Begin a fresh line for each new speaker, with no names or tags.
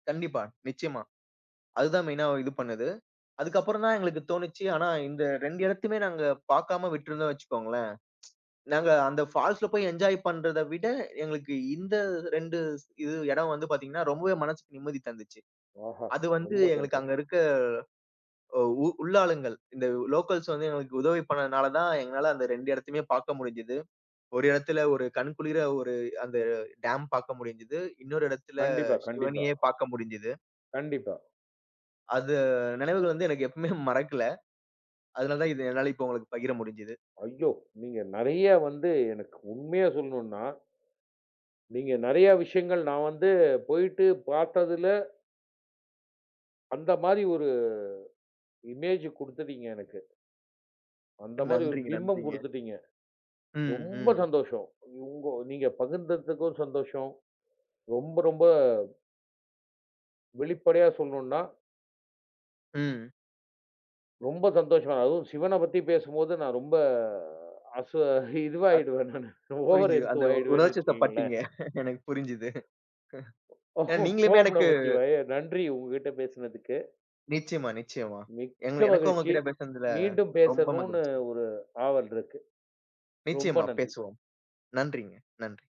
கண்டிப்பா. நிச்சயமா. அதுதான் மெயின்னா ஒ இது பண்ணது. அதுக்கப்புறம் தான் எங்களுக்கு தோணிச்சு, ஆனா இந்த 2 இடத்தையுமே நாங்க பாக்காம விட்டிருந்தோம், வச்சுக்கோங்களேன்! நாங்க அந்த ஃபால்ஸ்ல போய் என்ஜாய் பண்றத விட, எங்களுக்கு இந்த 2 ஸ் இது எடம் வந்து பாத்தீங்கன்னா ரொம்பவே மனசுக்கு நிம்மதி தந்துச்சு.
ஆஹா!
அது வந்து
ரொம்ப
எங்களுக்கு அங்க
சந்தோஷம்.
இருக்க, ஒ உ உள்ளாளுங்கள், இந்த உ லோக்கல்ஸ் வந்து எங்களுக்கு உதவி பண்ணனால தான் எங்களால அந்த 2 இடத்தையுமே பாக்க முடிஞ்சுது. ஒரு இடத்தில ஒரு கண்குளிர ஒரு அந்த டேம் பாக்க முடிஞ்சுது. இன்னொரு இடத்தில
கண்டிப்பா, கண்டிப்பா.
சிவனயே பாக்க முடிஞ்சுது.
கண்டிப்பா.
அத நினைவுகள் வந்து எனக்கு எப்பவுமே மறக்கல அதனால தான் இது என்னால இப்ப உங்களுக்கு பகிர முடிஞ்சுது.
ஐயோ! நீங்க நிறைய வந்து எனக்கு உண்மையா சொல்ணுன்னா நீங்க நிறைய விஷயங்கள் நான் வந்து போயிட்டு பார்த்ததுல, அந்தமாரி ஒரு இமேஜ் கொடுத்துட்டீங்க எனக்கு. அந்தமாரி ஒரு
நன்றிங்க,
பிம்பம்
நன்றிங்க.
கொடுத்துட்டீங்க.
ம்.
ரொம்ப
ம்.
சந்தோஷம். உ உங்கோ நீங்க பகிர்ந்ததுக்கும் சந்தோஷம். ரொம்ப ரொம்ப. வெளிப்படையா சொல்லணுன்னா
ம்.
ரொம்ப சந்தோஷம். அதுவும் சிவனப் பத்தி பேசும்போது நான் ரொம்ப அச
அத்
இதுவாயிடுவேன் நானு. ஓவர்
புரிஞ்சுது
எந்த்து
அந்த உ
ஆயிடுவேன்னு
உணர்ச்சி
வச்சுக்கங்களேன்.
வசப்பட்டிங்க எனக்கு புரிஞ்சுது. அ, நீங்களுமே
ஓம்
எனக்கு
நமச்சிவாய! நன்றி! உங்ககிட்ட பேசுனதுக்கு.
நிச்சயமா, நிச்சயமா. எங்
மிக்க
எனக்கும்
மகிழ்ச்சி.
உங்கக்கிட்ட பேசுனதுல,
மீண்டும்
ரொம்ப
பேசணுன்னு
மகிழ்ச்சி.
ஒரு ஆவல் இருக்கு. ரொம்ப
நிச்சயமா,
நன்றி.
பேசுவோம். நன்றிங்க. நன்றி.